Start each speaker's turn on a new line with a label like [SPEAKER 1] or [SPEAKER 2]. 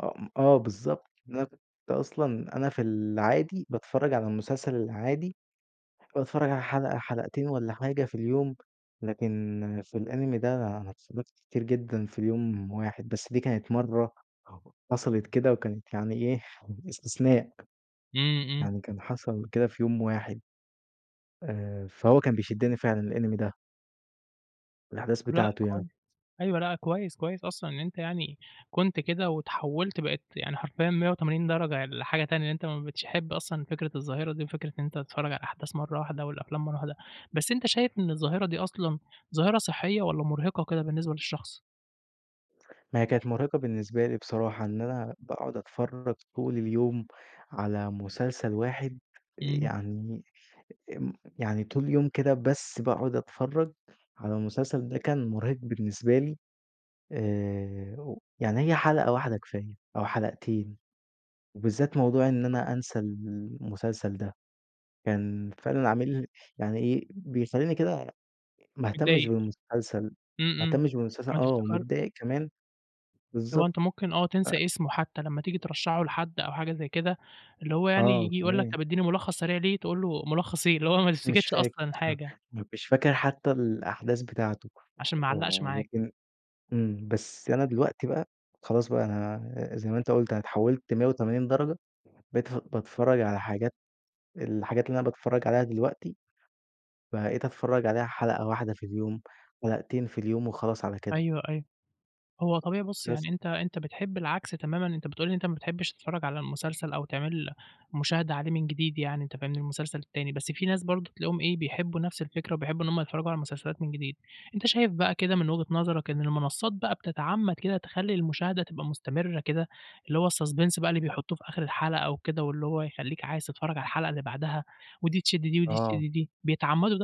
[SPEAKER 1] آه م آه بالضبط، إن أنا كنت أصلًا أنا في العادي باتفرّج على المسلسل العادي، باتفرّج على حلقة حلقتين والَّا حاجة في اليوم، لكن في الإنيمي ده أنا اتفرّجت كتير جدًا في اليوم واحد بس، دي كانت مرّه ح حصلت كده وكانت يعني إيه إستثناء،
[SPEAKER 2] إمم، إمم.
[SPEAKER 1] يعني كان حصل كده في يوم واحد. آآ، فهو كان بيشدِّني فعلًا الإنمي ده. الأحداث
[SPEAKER 2] لأ
[SPEAKER 1] بتاعته يعني.
[SPEAKER 2] كويس، أيوه لأ كويس، كويس أصلًا إن أنت يعني كنت كده واتحولت بقيت يعني حرفيًا 180 درجة لحاجة تانية، إن أنت ما بقيتش تحب أصلًا فكرة الظاهرة دي، وفكرة إن أنت تتفرّج على الأحداث مرّه واحدة، والأفلام مرّه واحدة، بس أنت شايف إن الظاهرة دي أصلًا ظاهرة صحية، والَّا مرهقة كده بالنسبة للشخص؟
[SPEAKER 1] ما هي كانت مرهقة بالنسبة لي بصراحة، إن أنا باقعد أتفرّج طول اليوم على مسلسل واحد،
[SPEAKER 2] إمم.
[SPEAKER 1] يعني م يعني طول اليوم كده بس باقعد أتفرّج على المسلسل ده كان مرهق بالنسبة لي، آآ، و يعني هي حلقة واحدة كفاية أو حلقتين، وبالذات موضوع إن أنا أنسى المسلسل ده، كان فعلًا عامل يعني إيه بيخليني كده ما اهتمش
[SPEAKER 2] متضايق.
[SPEAKER 1] بالمسلسل،
[SPEAKER 2] إمم،
[SPEAKER 1] ما
[SPEAKER 2] إمم
[SPEAKER 1] اهتمش بالمسلسل،
[SPEAKER 2] ما
[SPEAKER 1] آه،
[SPEAKER 2] تفتكر
[SPEAKER 1] ومتضايق كمان
[SPEAKER 2] اللي هو
[SPEAKER 1] بالضبط
[SPEAKER 2] أنت ممكن آه،
[SPEAKER 1] ف
[SPEAKER 2] تنسى اسمه حتى، لمّا تيجي ترشّحه لحد أو حاجة زي كده، اللي هو يعني
[SPEAKER 1] آه،
[SPEAKER 2] ييجي يقول لك
[SPEAKER 1] تمام.
[SPEAKER 2] طَب إدّيني ملخص سريع ليه، تقول له ملّخص إيه؟ اللي هو ما
[SPEAKER 1] مش
[SPEAKER 2] تفتكرش
[SPEAKER 1] فاكر
[SPEAKER 2] أصلًا حاجة.
[SPEAKER 1] مش فاكر حتى الأحداث بتاعته،
[SPEAKER 2] عشان ما علّقش
[SPEAKER 1] آه،
[SPEAKER 2] معاك.
[SPEAKER 1] لكن إمم، بس أنا دلوقتي بقى خلاص بقى أنا زي ما أنت قُلت أنا اتحوّلت 180 درجة، بتف باتفرّج على حاجات الحاجات اللي أنا باتفرّج عليها دلوقتي، بقيت أتفرّج عليها حلقة واحدة في اليوم، حلقتين في اليوم، وخلاص على كده.
[SPEAKER 2] أيوه، أيوه هو طبيعي بُصّ،
[SPEAKER 1] بس.
[SPEAKER 2] يعني أنت أنت بتحب العكس تمامًا، أنت بتقول لي أنت ما بتحبش تتفرّج على المسلسل أو تعمل مشاهدة عليه من جديد، يعني أنت فاهمني، المسلسل التاني بس في ناس برضه تلاقيهم إيه، بيحبوا نفس الفكرة وبيحبوا إن هُم يتفرّجوا على المسلسلات من جديد، أنت شايف بقى كده من وجهة نظرك إن المنصات بقى بتتعمّد كده تخلّي المشاهدة تبقى مستمرة كده، اللي هو الsuspence بقى اللي بيحطّوه في آخر الحلقة و كده، واللي هو يخليك عايز تتفرّج على الحلقة اللي بعدها، ودي تشدّ دي ودي
[SPEAKER 1] آه.
[SPEAKER 2] تشدّ دي، بيتعمّدوا ده؟